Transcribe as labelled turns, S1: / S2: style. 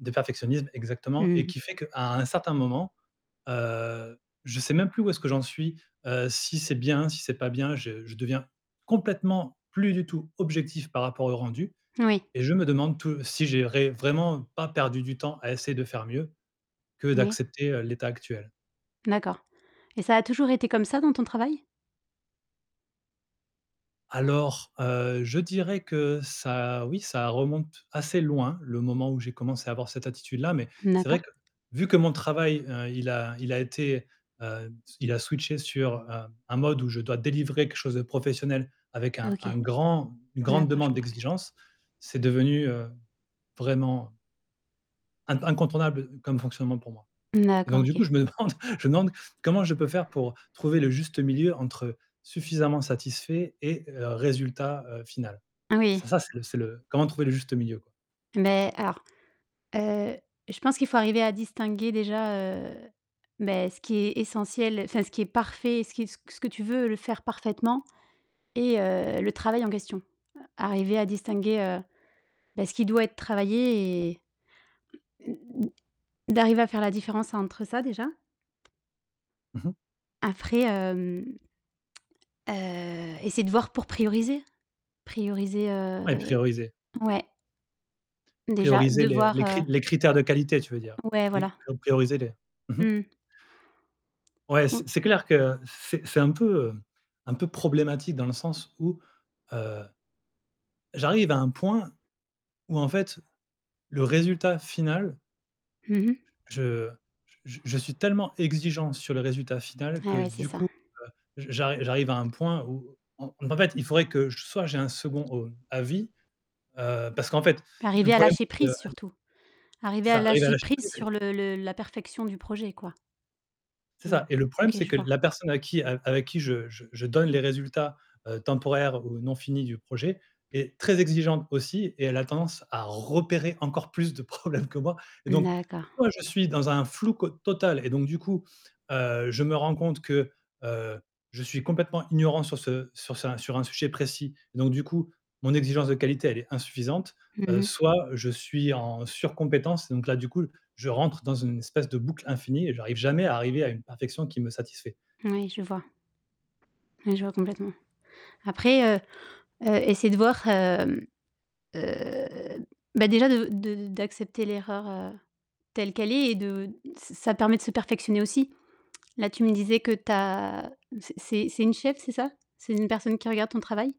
S1: De perfectionnisme, exactement,
S2: Mmh
S1: et
S2: mh.
S1: qui fait qu'à un certain moment, heu, je sais même plus où est-ce que j'en suis. Heu, si c'est bien, si c'est pas bien, je je deviens complètement plus du tout objectif par rapport au rendu
S2: Oui.
S1: et je me demande tou si j'ai ré vraiment pas perdu du temps à essayer de faire mieux que
S2: Ouais.
S1: d'accepter, heu, l'état actuel.
S2: D'accord, et ça a toujours été comme ça dans ton travail?
S1: Alors, heu, je dirais que ça oui, ça remonte assez loin le moment où j'ai commencé à avoir cette attitude là, mais
S2: N
S1: c'est vrai
S2: d'accord.
S1: que, vu que mon travail, heu, il a il a été, heu, s il a switché sur, heu, un mode où je dois délivrer quelque chose de professionnel avec un
S2: OK.
S1: un grand une grande
S2: D'accord, je
S1: demande
S2: comprends mieux.
S1: d'exigence, c'est devenu, heu, vraiment in incontournable, heu, comme fonctionnement pour moi,
S2: N d'accord
S1: donc du
S2: OK.
S1: coup, je me demande je me demande: «Comment je peux faire pour trouver le juste milieu entre suffisamment satisfait et résultat, heu, final?»
S2: Oui.
S1: ça ça, c'est le c'est le, comment trouver le juste milieu, quoi?
S2: Mais alors, heu, je pense qu'il faut arriver à distinguer déjà, heu, beh, ce qui est essentiel, enfin ce qui est parfait et ce qui est ce q ce que tu veux le faire parfaitement et heu, le travail en question. Arriver à distinguer, heu, bah, ce qui doit être travaillé et d'arriver à faire la différence entre ça déjà.
S1: Mmh mh.
S2: Après, hem heu, essayer de voir pour prioriser, prioriser,
S1: Ouais,
S2: heu
S1: prioriser.
S2: ouais Déjà
S1: Prioriser
S2: de
S1: les
S2: voir,
S1: les
S2: heu
S1: cri les critères de qualité, tu veux dire.
S2: Ouais
S1: Oui,
S2: voilà.
S1: prio prioriser les mmh mh.
S2: Mmh.
S1: Ouais, c'est
S2: Mmh.
S1: c'est clair que c c'est c'est un peu, hem, un peu problématique dans le sens où, heu j'arrive à un point où en fait le résultat final
S2: Mmh mh.
S1: j je j je je suis tellement exigeant sur le résultat final
S2: Eh
S1: que
S2: ouais, c'est
S1: du
S2: ça.
S1: coup, heu, j j'arri j'arrive à un point où en donc en fait, il faudrait que j soit j'ai un 2nd, heu, avis, heu, parce qu'en fait, l le
S2: Arriver à
S1: problème,
S2: lâcher
S1: c'est que
S2: prise
S1: aller
S2: surtout. Arriver à
S1: ça arrive à
S2: lâcher
S1: lâcher prise
S2: prise
S1: et
S2: sur le le la perfection du projet, quoi.
S1: C'est
S2: Mmh,
S1: ça et le problème,
S2: OK,
S1: c'est
S2: je
S1: que
S2: vois.
S1: la personne à qui a avec qui je je je donne les résultats, heu, temporaires ou non finis du projet est très exigeante aussi, et elle a tendance à repérer encore plus de problèmes que moi, et
S2: Mmh
S1: donc, si
S2: d'accord.
S1: moi, je suis dans un flou co total et donc, du coup, heu, je me rends compte que, heu, je suis complètement ignorant sur ce sur sa sur un sujet précis, donc, du coup, mon exigence de qualité, elle est insuffisante.
S2: Mmh
S1: Heu,
S2: mh.
S1: soit, heu, je suis en sur-compétence, donc là, du coup, je rentre dans une espèce de boucle infinie et j'arrive jamais à arriver à une perfection qui me satisfait.
S2: Oui je vois Ouais, je vois complètement. Après, heu, heu, essaie de voir, hem, heu, bah, déjà de de d'accepter l'erreur, heu, telle qu'elle est et de d ç ç ça permet de se perfectionner aussi. Là tu me disais que tu as c'est c'est c'est une cheffe c'est ça? C'est une personne qui regarde ton travail?